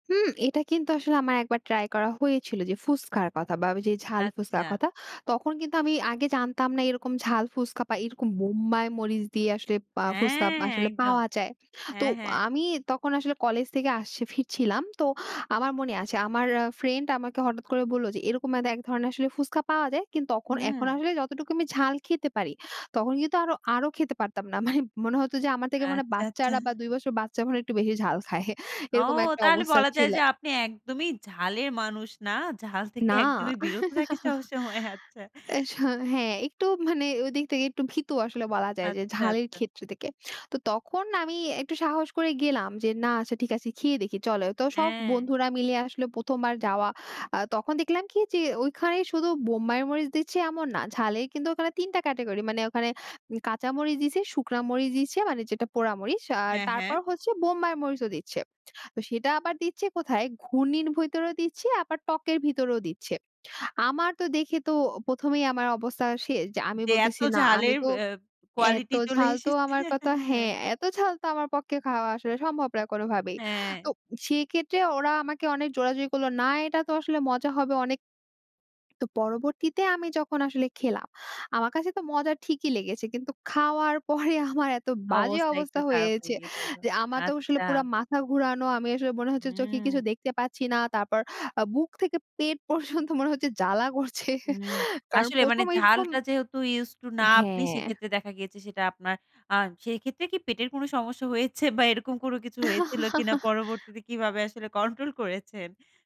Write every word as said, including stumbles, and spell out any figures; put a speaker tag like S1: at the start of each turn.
S1: হুম, এটা কিন্তু আসলে আমার এক বার ট্রাই করা হয়েছিল, যে ফুস্কার কথা বা ওই যে ঝাল ফুস্কার
S2: আচ্ছা।
S1: কথা। তখন কিন্তু আমি আগে জানতাম না এরকম ঝাল ফুসকা বা এরকম মম্বাই মরিচ দিয়ে আসলে পা
S2: অ্যা
S1: ফুসকা আসলে
S2: একদম।
S1: পাওয়া যায়। তো
S2: হ্যাঁ, হ্যাঁ।
S1: আমি তখন আসলে কলেজ থেকে আসছি, ফিরছিলাম। তো আমার মনে আছে, আমার আ ফ্রেন্ড আমাকে হঠাৎ করে বললো যে এরকম ম্যাদা এক ধরনের আসলে ফুচকা পাওয়া যায়। কিন্তু তখন এখন
S2: উ
S1: আসলে যতটুকু আমি ঝাল খেতে পারি, তখন কিন্তু আরো, আরো খেতে পারতাম না। মানে মনে হত যে আমার থেকে মনে
S2: আচ্ছা, আচ্ছা।
S1: বাচ্চারা বা দুই বসর বাচ্চা মনে একটু বেশি ঝাল খায়।
S2: ও,
S1: এরকম একটা
S2: তাহলে
S1: অবস্থা
S2: বলা যায়
S1: ছিল।
S2: যে, আপনি একদমই ঝালের মানুষ না, ঝাল থেকে
S1: না।
S2: একদমই বিরত থাকে সব সময়। আচ্ছা।
S1: এ স হ্যাঁ, একটু মানে ওইদিক তেকে একটু ভীতু আসলে বলা যায় যে
S2: আচ্ছা,
S1: ঝালের
S2: আচ্ছা।
S1: ক্ষেত্রে তেকে। তো তখন আমি একটু সাহস করে গেলাম যে না, আচ্ছা ঠিক আছে, খেয়ে দেখি, চলো তো সব
S2: হ্যাঁ।
S1: বন্ধুরা মিলে আসলো, প্রথম বার যাওয়া। আ তখন দেখলাম কি যে, ওইখানেই শুধু বোম্বাই মরিচ দিচ্ছে এমন না। ঝালের কিন্তু ওখানে তিন টা ক্যাটেগরি, মানে ওখানে কাঁচা মরিচ দিছে, শুকনা মরিচ দিছে, মানে যেটা পোড়া মরিচ, আর
S2: হ্যাঁ, হ্যাঁ।
S1: তারপর হচ্ছে বোম্বাই মরিচও দিচ্ছে। তো সেটা আবার দিচ্ছে কোথায়, ঘূর্ণির ভইতরে দিচ্ছে, আবার টকের ভিতরেও দিচ্ছে। আমার তো দেখে তো প্রথম এই আমার অবস্থা শেষ। যে আমি
S2: যে এত
S1: বলতেছি, না আমি
S2: ঝালের
S1: তো
S2: অ্যা
S1: এত
S2: কোয়ালিটি চলে
S1: ঝাল, তো
S2: এসেছে।
S1: আমার কতা
S2: হ্যাঁ।
S1: হ্যাঁ, এত ঝাল তো আমার পক্কে খাওয়া আসলে সম্ভব না কোনোভাবেই। তো
S2: অ্যা
S1: সেই ক্ষেত্রে ওরা আমাকে অনেক জোরাজুরি করল, না এটা তো আসলে মজা হবে অনেক। তো পরবর্তীতে আমি যখন আসলে খেলাম, আমার কাছে তো মজা ঠিকই লেগেছে, কিন্তু খাওয়ার পরে আমার এত বাজে
S2: অবস্থা একটু
S1: অবস্থা
S2: খারাপ হয়ে
S1: হয়েছে
S2: গিয়েছিল,
S1: যে আমার তো আসলে
S2: আচ্ছা।
S1: পুরা মাথা ঘুরানো। আমি আসলে মনে হচ্ছে চোখে কিছু
S2: উম
S1: দেখতে পাচ্ছি না। তারপর আ বুক থেকে পেট পর্যন্ত মনে হচ্ছে জ্বালা করছে
S2: উম
S1: কারণ
S2: আসলে মানে
S1: প্রথম এইশকম
S2: ঝালটা যেহেতু ইউজড টু না আপনি,
S1: হ্যাঁ।
S2: সেক্ষেত্রে দেখা গিয়েছে সেটা আপনার আ সেক্ষেত্রে কি পেটের কোনো সমস্যা হয়েছে বা এরকম কোনো কিছু হয়েছিল কিনা? পরবর্তীতে কিভাবে আসলে কন্ট্রোল করেছেন?